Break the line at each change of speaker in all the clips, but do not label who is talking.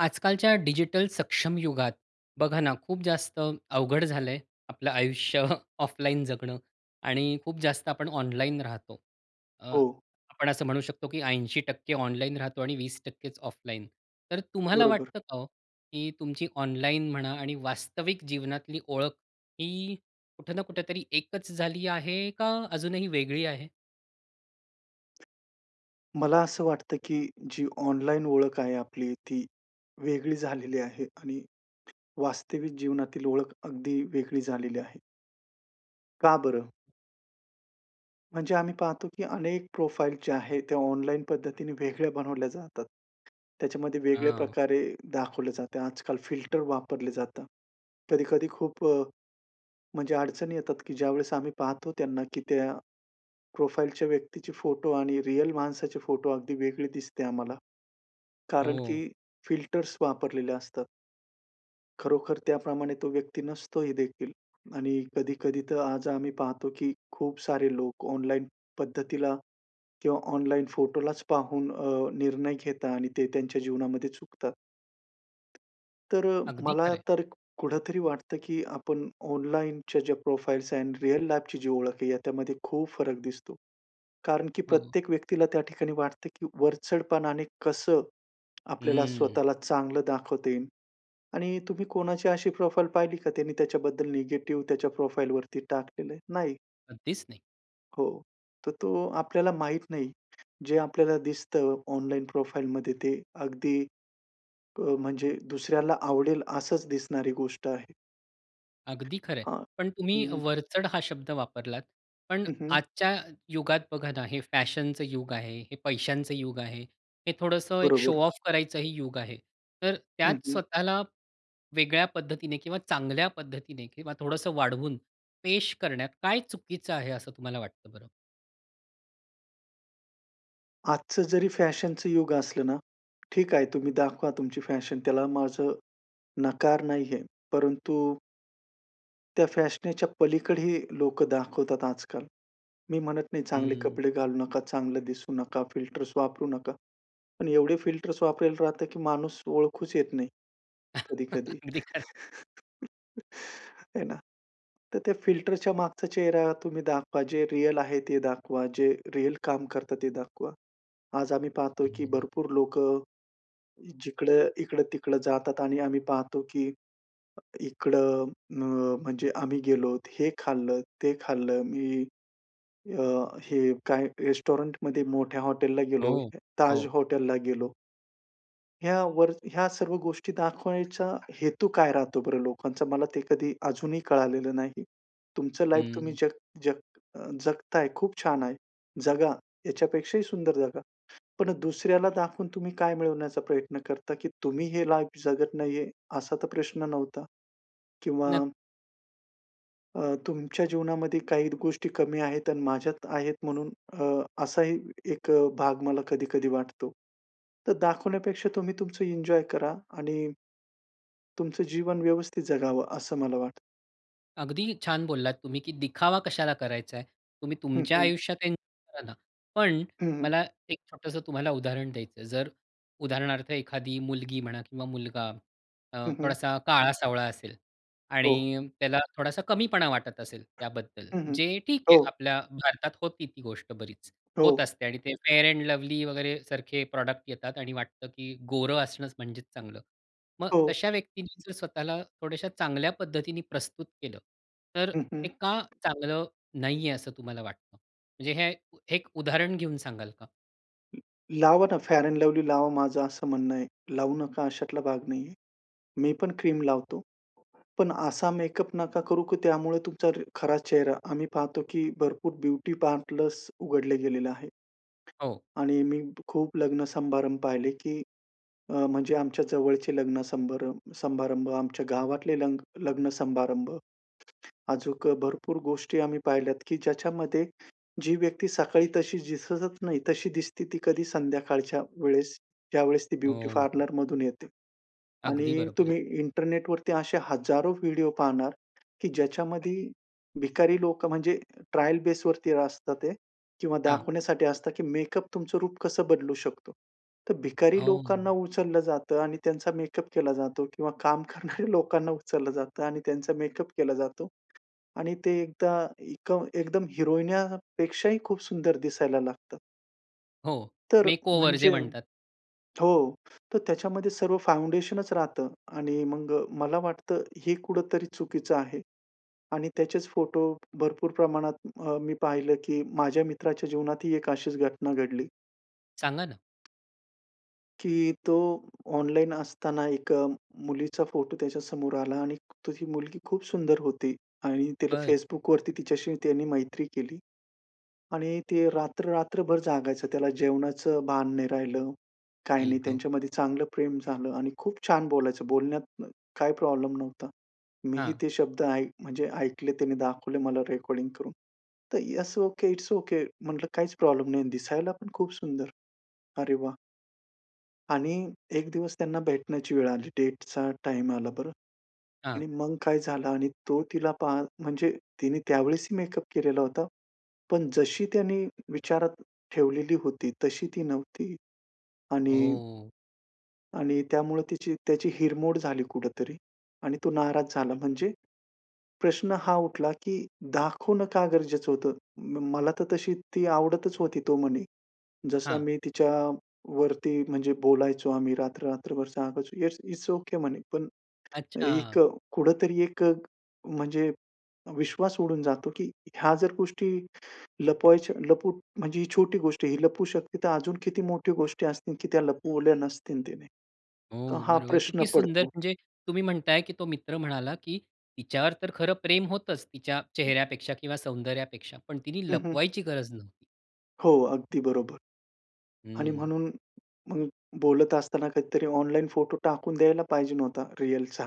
आजकालच्या डिजिटल सक्षम युगात, बघा ना, खूप जास्त अवघड झालं आहे आपलं आयुष्य ऑफलाईन जगणं आणि खूप जास्त आपण ऑनलाइन राहतो. अ,
हो.
आपण असं म्हणू शकतो की 80% ऑनलाइन राहतो आणि 20%च ऑफलाईन. तर तुम्हाला
बरोबर.
वाटतं का हो की तुमची ऑनलाईन म्हणा आणि वास्तविक जीवनातली ओळख ही कुठं ना कुठेतरी एकच झाली आहे का अजून ही वेगळी आहे?
मला असं वाटतं की जी ऑनलाईन ओळख आहे आपली, ती वेगळी झालेली आहे आणि वास्तविक जीवनातील ओळख अगदी वेगळी झालेली आहे. का बरं? म्हणजे आम्ही पाहतो की अनेक प्रोफाइल जे आहे, ते ऑनलाईन पद्धतीने वेगळ्या बनवल्या जातात. त्याच्यामध्ये वेगळ्या
हां.
प्रकारे दाखवले जाते. आजकाल फिल्टर वापरले जातात. कधी-कधी खूप अ, म्हणजे अडचणी येतात की ज्यावेळेस आम्ही पाहतो त्यांना की त्या प्रोफाइलच्या व्यक्तीचे फोटो आणि रियल माणसाचे फोटो अगदी वेगळी दिसते आम्हाला, कारण
हो.
की फिल्टर्स वापरलेले असतात. खरोखर त्याप्रमाणे तो व्यक्ती नसतो ही देखील आणि कधी-कधी तर आज आम्ही पाहतो की खूप सारे लोक ऑनलाईन पद्धतीला किंवा ऑनलाईन फोटोलाच पाहून अ, निर्णय घेतात आणि ते त्यांच्या जीवनामध्ये चुकतात. तर
अगदी
मला
खरं आहे.
तर कुठेतरी वाटतं की आपण ऑनलाईनच्या ज्या प्रोफाइल्स आहेत, रिअल लाईफची जी ओळख आहे, याच्यामध्ये खूप फरक दिसतो. कारण की
हो.
प्रत्येक व्यक्तीला त्या ठिकाणी वाटतं की वरचढपणाने कसं आपल्याला
हम्म.
स्वतःला चांगलं दाखवता येईल आणि तुम्ही कोणाची अशी प्रोफाइल पाहिली का, त्यांनी त्याच्याबद्दल नेगेटिव्ह त्याच्या प्रोफाइलवरती टाकलेलं आहे? नाही.
कधीच नाही.
हो, तर तो आपल्याला माहीत नाही, जे आपल्याला दिसतं ऑनलाईन प्रोफाईलमध्ये ते अगदी अ, म्हणजे दुसऱ्याला आवडेल असंच दिसणारी गोष्ट आहे.
अगदी खरं आहे.
हां,
पण तुम्ही
हं, हं.
वरचढ हा शब्द वापरलात पण
हं, हं.
आजच्या युगात बघा ना, हे फॅशनचं युग आहे, हे पैशांच युग आहे, हे थोडंसं एक शो
बरोबर.
ऑफ करायचं ही युग आहे. तर
हं,
त्यात
हं.
स्वतःला वेगळ्या पद्धतीने किंवा चांगल्या पद्धतीने किंवा थोडंसं वाढवून, पेश करण्यात काय चुकीचं आहे असं तुम्हाला वाटतं बरं?
आजचं जरी फॅशनचं युग असलं ना, ठीक आहे तुम्ही दाखवा तुमची फॅशन त्याला माझं नकार नाही आहे. परंतु त्या फॅशनेच्या पलीकडे ही लोकं दाखवतात आजकाल. मी म्हणत नाही, चांगले
हं.
कपडे घालू नका, चांगलं दिसू नका, फिल्टर्स वापरू नका. पण एवढे फिल्टर्स वापरायला राहतं की माणूस ओळखूच येत नाही, कधी-कधी.
अगदी खरं आहे.
हे ना? तर त्या फिल्टरच्या मागचा चेहरा तुम्ही दाखवा, जे रिअल आहे ते दाखवा, जे रिअल काम करता, ते दाखवा. आज आम्ही पाहतो आहे की भरपूर लोकं जिकडं इकडं-तिकडं जातात आणि आम्ही पाहतो की अ, इकडं अ, म्हणजे आम्ही गेलोत, हे खाल्लं, ते खाल्लं मी अ, हे काय? रेस्टॉरंटमध्ये मोठ्या हॉटेलला गेलो,
हो,
ताज
हो.
हॉटेलला गेलो. ह्यावर ह्या सर्व गोष्टी दाखवायचा, हेतू काय राहतो बरं लोकांचा? मला ते कधी अजूनही कळालेलं नाही. तुमचं लाईफ तुम्ही
हम्म.
जग जग अ, जगताय, खूप छान आहे, जगा. याच्यापेक्षा ही सुंदर जगा, पण दुसऱ्याला दाखवून तुम्ही काय मिळवण्याचा प्रयत्न करता की तुम्ही हे लाईफ जगत नाही आहे, असा तर प्रश्न नव्हता? किंवा
नक्की.
अ, तुमच्या जीवनामध्ये काही गोष्टी कमी आहेत आणि माझ्यात आहेत, म्हणून अ, असा ही एक भाग मला कधी-कधी वाटतो. तर दाखवण्यापेक्षा तुम्ही तुमचं एन्जॉय करा. आणि तुमचं जीवन व्यवस्थित जगावं, असं मला वाटतं.
अगदी छान बोललात तुम्ही की दिखावा कशाला करायचा आहे, तुम्ही
हं,
तुमच्या
हं.
आयुष्यात एन्जॉय करा ना, पण
हं, हं.
मला एक छोटंसं तुम्हाला उदाहरण द्यायचं आहे. जर, उदाहरणार्थ एखादी मुलगी म्हणा किंवा मुलगा अ,
हं, हं.
थोडासा, काळा-सावळा असेल
हो.
आणि त्याला थोडासा कमीपणा वाटत असेल
हं,
त्याबद्दल,
हं.
जे ठीक
हो.
आहे. आपल्या भारतात होती ती गोष्ट बरीच, होत
हो.
असते आणि ते Fair and Lovely वगैरे, सारखे प्रॉडक्ट येतात आणि वाटतं की गोरं असणंच, म्हणजेच चांगलं. मग
हो.
तशा व्यक्तींनी जर स्वतःला थोड्याश्या चांगल्या पद्धतीने प्रस्तुत केलं, तर
हं, हं.
ते का चांगलं नाही आहे, असं तुम्हाला वाटतं? म्हणजे हे हे एक उदाहरण घेऊन सांगाल का?
[unintelligible] लावा ना, फेअर एंड लव्हली लावा, माझं असं म्हणणं आहे. लावू नका अशातला भाग नाही आहे. मी पण क्रीम लावतो. पण असा मेकअप नका करू, की त्यामुळे तुमचा खरा चेहरा. आम्ही पाहतो, की भरपूर ब्युटी पार्लर्स उघडले गेलेले आहे.
हो.
आणि मी खूप लग्न समारंभ पाहिले, की अ, म्हणजे आमच्या जवळचे लग्न संब समारंभ, आमच्या गावातले नग लग्न-समारंभ. अजूक भरपूर गोष्टी आम्ही पाहिल्यात, की ज्याच्यामध्ये जी व्यक्ती सकाळी तशी दिसतच नाही, तशी दिसते ती कधी संध्याकाळच्या वेळेस, ज्यावेळेस ती
अ,
ब्युटी
हो.
पार्लर मधून येते.
अगदी
आणि
बरोबर आहे.
तुम्ही इंटरनेटवरती असे हजारो व्हिडिओ पाहणार, की ज्याच्यामध्ये भिकारी लोकं, म्हणजे ट्रायल बेसवरती असतात ते, किंवा
हां.
दाखवण्यासाठी असतं, की मेकअप तुमचं रूप कसं बदलू शकतो. तर भिकारी लोकांना
हो.
उचललं जातं. आणि त्यांचा मेकअप केला जातो. किंवा काम करणाऱ्या लोकांना उचललं जातं. आणि त्यांचा मेकअप केला जातो. आणि ते एकदा एका एकदम हिरोईन्यापेक्षा ही खूप सुंदर दिसायला लागतं.
हो.
तर
मेकओवर जे
म्हणजे
म्हणतात.
हो. तर त्याच्यामध्ये सर्व फाउंडेशनचं राहतं. आणि मग मला वाटतं, हे कुठेतरी चुकीचं आहे. आणि त्याचेच फोटो भरपूर प्रमाणात अ, मी पाहिलं, की माझ्या मित्राच्या जीवनात ही एक अशीच घटना घडली.
सांगा ना.
की तो ऑनलाईन असताना, एका मुलीचा फोटो त्याच्या समोर आला आणि तो ही मुलगी खूप सुंदर होती आणि तिला
बरं.
Facbookवरती तिच्याशी त्याने मैत्री केली आणि ते रात्र, रात्रभर जागायचं, त्याला जेवणाचं भान नाही राहिलं. काही
आई
नाही
ग!
त्यांच्या मध्ये चांगलं प्रेम झालं आणि खूप छान बोलायचं, बोलण्यात काही प्रॉब्लेम नव्हता. मी ही
हां.
ते शब्द ऐक म्हणजे ऐकले, त्यांनी दाखवले मला रेकॉर्डिंग करून. तर यस ओके, इट्स ओके! म्हंटलं काहीच प्रॉब्लेम नाही आणि दिसायला पण खूप सुंदर. अरे वाह! आणि एक दिवस त्यांना भेटण्याची वेळ आली. डेटचा टाइम आला बरं
हां.
आणि मग काय झालं आणि तो तिला पाह म्हणजे तिने त्यावेळेस ही मेकअप केलेला होता. पण जशी त्याने विचारात ठेवलेली होती तशी ती नव्हती. आणि
ओह!
आणि त्यामुळं तिची त्याची हिरमोड झाली कुठेतरी आणि तो नाराज झाला म्हणजे. प्रश्न हा उठला की दाखवणं का गरजेचं होतं, मला तर तशी ती आवडतच होती तो म्हणे. जसं
हां.
मी तिच्यावरती म्हणजे बोलायचो, आम्ही रात्र, रात्रभर सांगायचो येस, इट्स ओके म्हणे, पण एक
अच्छा!
कुठेतरी एक, म्हणजे विश्वास उडून जातो की ह्या जर गोष्टी लपवायच्या लपू म्हणजे ही छोटी गोष्ट आहे. ही लपू शकते, तर अजून किती मोठी गोष्टी असतील, की त्या लपवल्या नसतील तिने? तर
हो,
हा
बरोबर.
प्रश्न
किती सुंदर
पडतो.
म्हणजे तुम्ही म्हणताय, की तो मित्र म्हणाला की तिच्यावर तर खरं प्रेम होतच, तिच्या
[unintelligible]
चेहऱ्यापेक्षा किंवा सौंदर्यापेक्षा, पण तिने
हं, हं.
लपवायची गरज नव्हती.
हो, अगदी बरोबर. आणि
हं.
म्हणून, मग बोलत असताना काहीतरी ऑनलाईन फोटो टाकून द्यायला पाहिजे नव्हता रीअलचा,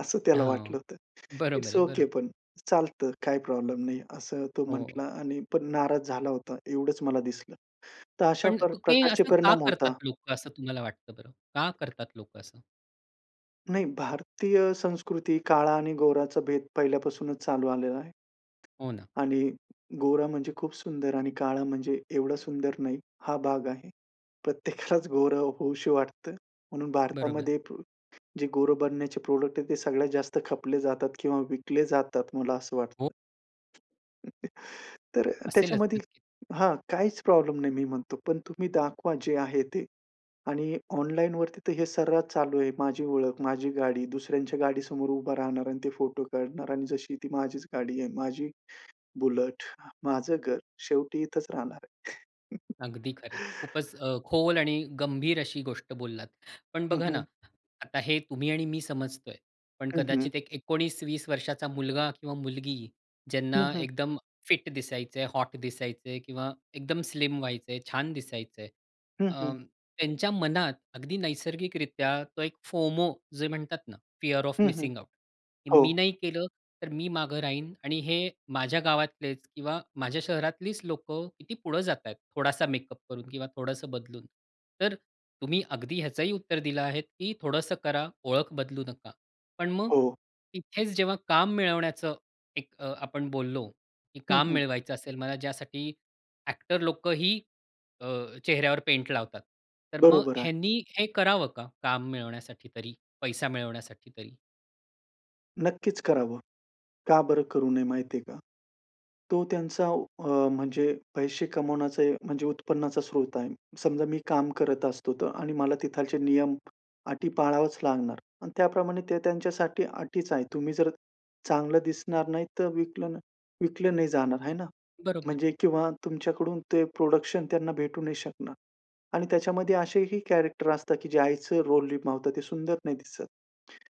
असं त्याला
हां,
वाटलं होतं.
बरोबर
इट्स
आहे, बरोबर
ओके
आहे.
पण, चालतं काही प्रॉब्लेम नाही असं तो
हो.
म्हंटला आणि पण नाराज झाला होता एवढंच मला दिसलं. तर अशा
पण, ते
प्रकारचे
असं का
परिणाम होता.
करतात लोकं असं तुम्हाला वाटतं बरं, का करतात लोकं असं?
नाही, भारतीय संस्कृती काळा आणि गोराचं भेद पहिल्यापासूनच चालू आलेला आहे.
हो, ना.
आणि गोरा म्हणजे खूप सुंदर आणि काळा म्हणजे एवढं सुंदर नाही, हा भाग आहे. प्रत्येकालाच गोरं होऊशी वाटतं म्हणून
बरोबर.
भारतामध्ये, प जे गोरं बनण्याचे प्रॉडक्ट आहेत ते सगळ्यात जास्त खपले जातात किंवा विकले जातात मला असं
हो.
वाटतं. तर
असेलच
त्याच्यामध्ये
नक्की.
हां, काहीच प्रॉब्लेम नाही मी म्हणतो पण तुम्ही दाखवा जे आहे ते, आणि ऑनलाईनवरती तर हे सर्रास चालू आहे, माझी ओळख, माझी गाडी. दुसऱ्यांच्या गाडीसमोर उभं राहणार आणि ते फोटो काढणार आणि जशी ती माझीच गाडी आहे, माझी बुलेट, माझं घर शेवटी इथंच राहणार आहे.
अगदी खरंय. खूपच अ, खोल आणि गंभीर अशी गोष्ट बोललात. पण
हं,
बघा ना,
हं.
आता हे तुम्ही आणि मी समजतोय, पण
हं, हं.
कदाचित एक 19-20 वर्षाचा मुलगा किंवा मुलगी ज्यांना
हं, हं.
एकदम फिट दिसायचं आहे, हॉट दिसायचं किंवा एकदम स्लिम व्हायचंय, छान दिसायचंय.
हं,
अ,
हं.
त्यांच्या मनात अगदी नैसर्गिकरित्या तो एक फोमो जे म्हणतात ना, फीअर ऑफ
हं, हं.
Missing out. की मी
हो.
नाही केलं, तर मी मागं राहीन आणि हे माझ्या गावातलेच किंवा माझ्या शहरातलीच लोकं किती पुढं जातायत, थोडासा मेकअप करून किंवा थोडंसं बदलून. तर तुम्ही अगदी ह्याचही उत्तर दिलं आहे, की थोडंसं करा, ओळख बदलू नका. पण मग,
हो.
इथेच जेव्हा काम मिळवण्याचं एक अ, आपण बोललो, की
हं,
काम
हं.
मिळवायचं असेल मला ज्यासाठी ॲक्टर लोकं ही अ, चेहऱ्यावर पेंट लावतात, तर मग
बरोबर आहे.
ह्यांनी हे करावं का, काम मिळवण्यासाठी तरी, पैसा मिळवण्यासाठी तरी?
नक्कीच करावं. का बरं करू नये माहिती आहे का? तो त्यांचा अ, म्हणजे पैसे कमवण्याचे म्हणजे उत्पन्नाचा स्रोत आहे. समजा मी काम करत असतो तर आणि मला तिथले नियम, अटी पाळावेच लागणार आणि त्याप्रमाणे ते त्यांच्यासाठी अटीच आहे. तुम्ही जर चांगलं दिसणार नाही तर विकलं न विकलं नाही जाणार, आहे ना?
बरोबर.
म्हणजे किंवा तुमच्याकडून ते प्रोडक्शन त्यांना भेटू नाही शकणार आणि त्याच्यामध्ये असे ही कॅरेक्टर असतात की जे आईचं रोल निभावतं, ते सुंदर नाही दिसत.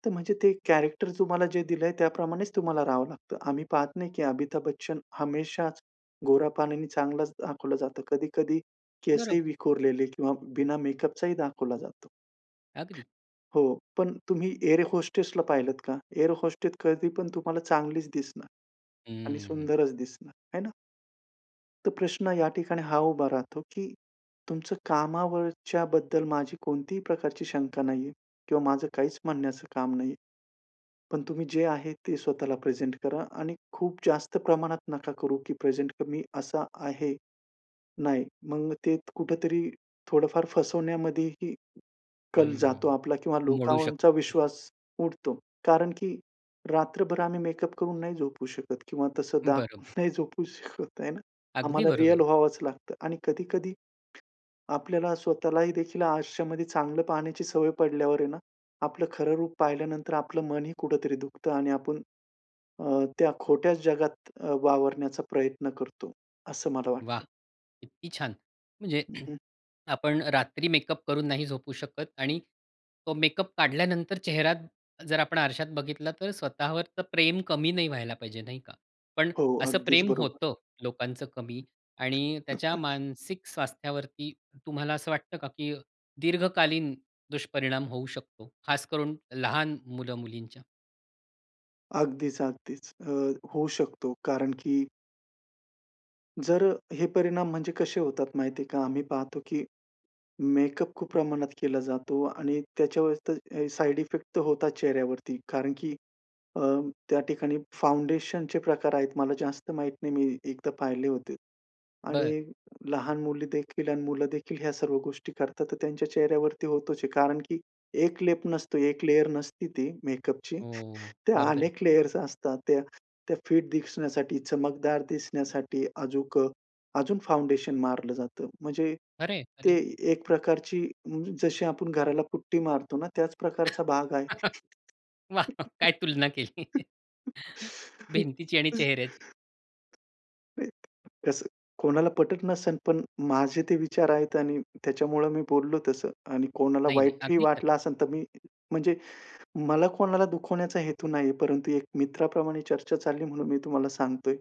तर म्हणजे ते कॅरेक्टर तुम्हाला जे दिलंय, त्या प्रमाणेच तुम्हाला राहावं लागतं. आम्ही पाहत नाही की अमिताभ बच्चन हमेशाच गोरापान आणि चांगलाच दाखवलं जातं. कधी-कधी केस ही
बरोबर.
विखुरलेले किंवा बिना मेकअपचा ही दाखवला जातो.
अगदी.
हो. पण तुम्ही एअर होस्टेसला पाहिलंत का? एअर होस्टेस कधी पण तुम्हाला चांगलीच दिसणार आणि
हम्म.
सुंदरच दिसणार आहे ना. तर प्रश्न या ठिकाणी हा उभा राहतो की तुमचं कामावरच्याबद्दल माझी कोणतीही प्रकारची शंका नाहीये किंवा माझं काहीच म्हणण्याचं काम नाहीये. पण तुम्ही जे आहे, ते स्वतःला प्रेझेंट करा आणि खूप जास्त प्रमाणात नका करू की प्रेझेंट कमी असा आहे. नाही, मग ते कुठे तरी थोडं फार फसवण्यामध्ये ही कल जातो
हम्म.
आपला किंवा
मोडू
लोकांवरचा
शकतो.
विश्वास उडतो. कारण की रात्रभर आम्ही मेकअप करून नाही झोपू शकत किंवा तसं दाखून
बरोबर.
नाही झोपू शकत आहे ना.
अगदी
आम्हाला रिअल
बरोबर.
व्हावंच लागतं आणि कधी-कधी आपल्याला स्वतःलाही देखील आयुष्यामध्ये चांगलं पाहण्याची सवय पडल्यावर आहे ना, आपलं खरं रूप पाहिल्यानंतर आपलं मन ही कुठेतरी दुखतं आणि आपण अ, त्या खोट्याच जगात अ, वावरण्याचा प्रयत्न करतो, असं मला
वाह!
वाटतं.
किती छान! म्हणजे
हं, हं.
आपण रात्री मेकअप करून नाही झोपू शकत आणि तो मेकअप काढल्यानंतर चेहरा जर आपण आरशात बघितलं तर स्वतःवर प्रेम कमी नाही व्हायला पाहिजे, नाही का? पण
हो,
असं
अगदीच
प्रेम
बरोबर.
होतं, लोकांचं कमी आणि त्याच्या मानसिक स्वास्थ्यावरती तुम्हाला असं वाटतं का की दीर्घकालीन दुष्परिणाम होऊ शकतो? खास करून लहान मुलं-मुलींच्या.
अगदीच, अगदीच. अ, होऊ शकतो, कारण की जर अ, हे परिणाम म्हणजे कसे होतात माहिती आहे का? आम्ही पाहतो, की मेकअप खूप प्रमाणात केला जातो आणि त्याच्यावर ते ए साइड इफेक्ट होतात चेहऱ्यावरती. कारण की अ, त्या ठिकाणी फाउंडेशनचे प्रकार आहेत, मला जास्त माहीत नाही, मी एकदा पाहिले होते. आणि
बरं.
लहान मुली देखील आणि मुलं देखील ह्या सर्व गोष्टी करतात, तर त्यांच्या चेहऱ्यावरती होतोच आहे. कारण की एक लेप नसतो, एक लेयर नसती ती मेकअपची.
हो, हो.
त्या
बरोबर आहे.
अनेक लेयर्स असतात त्या, त्या फिट दिसण्यासाठी, चमकदार दिसण्यासाठी, अजूक अजून फाउंडेशन मारलं जातं. म्हणजे
अरे!
ते
अरे.
एक प्रकारची, जशी आपण घराला पुट्टी मारतो ना, त्याच प्रकारचा भाग आहे.
वाह! काय तुलना केली. भिंतीची आणि चेहऱ्याची.
नाही, कसं कोणाला पटत नसेल, पण माझे ते विचार आहेत आणि त्याच्यामुळं मी बोललो तसं. आणि कोणाला
नाही, नाही.
वाईटही
अगदी खरंय.
वाटलं असेल तर मी म्हणजे मला कोणाला दुखवण्याचा हेतू नाही आहे. परंतु एक मित्राप्रमाणे चर्चा चालली म्हणून मी तुम्हाला सांगतोय.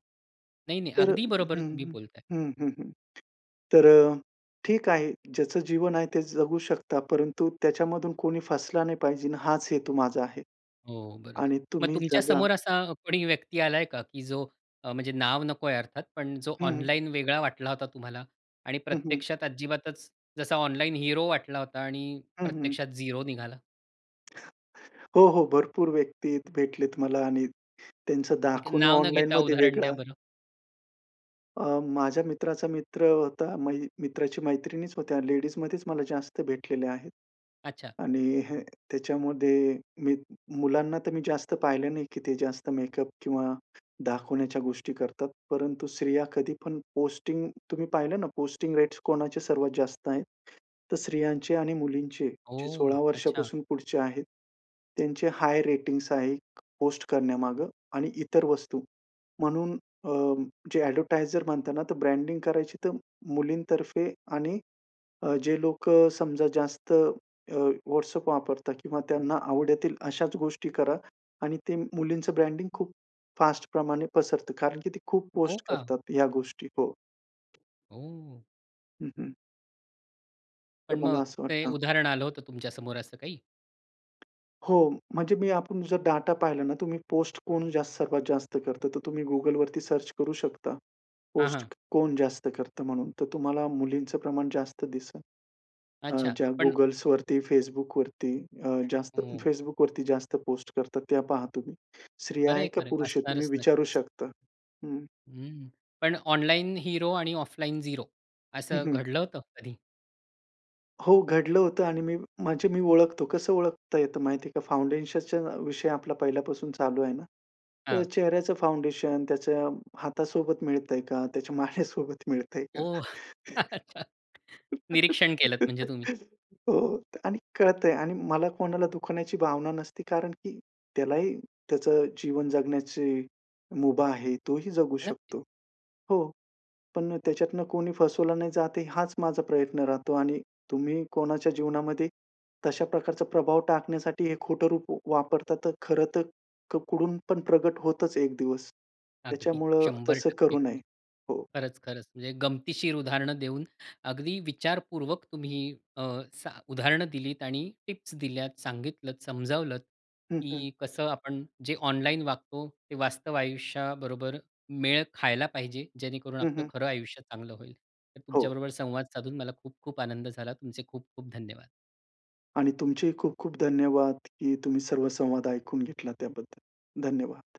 नाही, नाही.
तर
अगदी बरोबर
हं,
तुम्ही
हं.
बोलताय.
हं, हं, हं. तर अ, ठीक आहे, ज्याचं जीवन आहे ते जगू शकता. परंतु त्याच्यामधून कोणी फसला नाही पाहिजे ना, हाच हेतू माझा आहे.
हो, बरोबर.
आणि
मग
तुम्ही
तुमच्या
जगा
समोर असा कोणी व्यक्ती आला आहे का, की जो अ, म्हणजे नाव नको आहे अर्थात, पण जो
हं, हं.
ऑनलाईन वेगळा वाटला होता तुम्हाला आणि
हं, हं.
प्रत्यक्षात अजिबातच, जसा ऑनलाइन हीरो वाटला होता आणि
हं, हं.
प्रत्यक्षात झीरो निघाला?
हो, हो, भरपूर व्यक्ती भेटलेत मला आणि त्यांचं
एक
दाखवणं
नाव न घेता
ऑनलाइनमध्ये
उदाहरण द्या
वेगळं.
बरं.
अ, माझ्या मित्राचा मित्र होता. मै मित्राची मैत्रिणीच होत्या, लेडीजमध्येच मला जास्त भेटलेले आहेत.
अच्छा.
आणि ह, त्याच्यामध्ये मी मुलांना तर मी जास्त पाहिलं नाही, की ते जास्त मेकअप किंवा दाखवण्याच्या गोष्टी करतात परंतु स्त्रिया कधी पण पोस्टिंग, तुम्ही पाहिलं ना, पोस्टिंग रेट्स कोणाचे सर्वात जास्त आहे, तर स्त्रियांचे आणि मुलींचे. जे
हो,
16
अच्छा.
वर्षापासून पुढचे आहेत. त्यांचे हाय रेटिंग्स आहे. पोस्ट करण्यामागं आणि इतर वस्तू. म्हणून अ, जे एडव्हर्टायझर म्हणताना, तर ब्रँडिंग करायची तर मुलींतर्फे आणि अ, जे लोकं समजा जास्त अ, WhatsApp वापरतात किंवा त्यांना आवडतील अशाच गोष्टी करा आणि ते मुलींचं ब्रँडिंग खूप फास्ट प्रमाणे पसरतं, कारण की ते खूप
हो
पोस्ट
का?
करतात ह्या गोष्टी हो.
हो.
हं, हं. तर
पण
मला
मग
असं
ते,
वाटतं.
उदाहरण आलं होतं, तुमच्या समोर असं काही?
हो, म्हणजे मी, आपण जर डाटा पाहिला ना तुम्ही पोस्ट कोण जास्त, सर्वात जास्त करतं, तर तुम्ही Googleवरती सर्च करू शकता.
हां,
पोस्ट
हां.
कोण जास्त करतं? म्हणून, तर तुम्हाला मुलींचं प्रमाण जास्त दिसंल. अ,
अच्छा,
ज्या
पण
Googleवरती, Facebookवरती जास्त,
ओ.
Facebookवरती जास्त पोस्ट करतात त्या पहा तुम्ही. स्त्रिया आहे
खरंय,
का
खरंय,
पुरुष आहे तुम्ही
असणारच
विचारू
नक्कीच.
शकता. हं.
हम्म, पण ऑनलाइन हिरो आणि ऑफलाइन 0
हं,
असं
हं.
घडलं होतं कधी?
हो, घडलं होतं आणि मी माझी मी ओळखतो. कसं ओळखता येतं माहिती आहे का, फाउंडेशनच्या विषय आपला पहिल्यापासून चालू आहे ना, तर
हां.
चेहऱ्याचं फाउंडेशन, त्याच्या हातासोबत मिळतंय का? त्याच्या माने सोबत मिळतंय का?
ओह! अच्छा निरीक्षण केलत, म्हणजे तुम्ही.
हो आणि कळतंय आणि मला कोणाला दुखवण्याची भावना नसते, कारण की त्यालाही, त्याचं जीवन जगण्याची मुभा आहे, तोही जगू
नक्कीच.
शकतो. हो, पण त्याच्यातनं कोणी फसवला नाही जात, हाच माझा प्रयत्न राहतो आणि तुम्ही कोणाच्या जीवनामध्ये, तशा प्रकारचा प्रभाव टाकण्यासाठी हे खोटं रूप वापरतात, तर खरंतर, कुडून पण प्रकट होतच एक दिवस.
अगदी.
त्याच्यामुळं
शंभर
तसं
टक्के
करू नये.
खरंय.
हो.
खरंच, खरंच. म्हणजे गमतीशीर उदाहरणं देऊन अगदी विचारपूर्वक तुम्ही अ, स उदाहरणं दिलीत आणि टिप्स दिल्यात, सांगितलंत, समजावलंत
हं, हं.
की कसं आपण जे ऑनलाईन वागतो, ते वास्तव आयुष्याबरोबर मेळ खायला पाहिजे, जेणेकरून
हं,
आपलं
हं.
खरं आयुष्य चांगलं होईल. तर
हो.
तुमच्याबरोबर संवाद साधून, मला खूप-खूप आनंद झाला. तुमचे खूप-खूप धन्यवाद.
आणि तुमचेही खूप-खूप धन्यवाद, की तुम्ही सर्व संवाद ऐकून घेतला त्याबद्दल. धन्यवाद.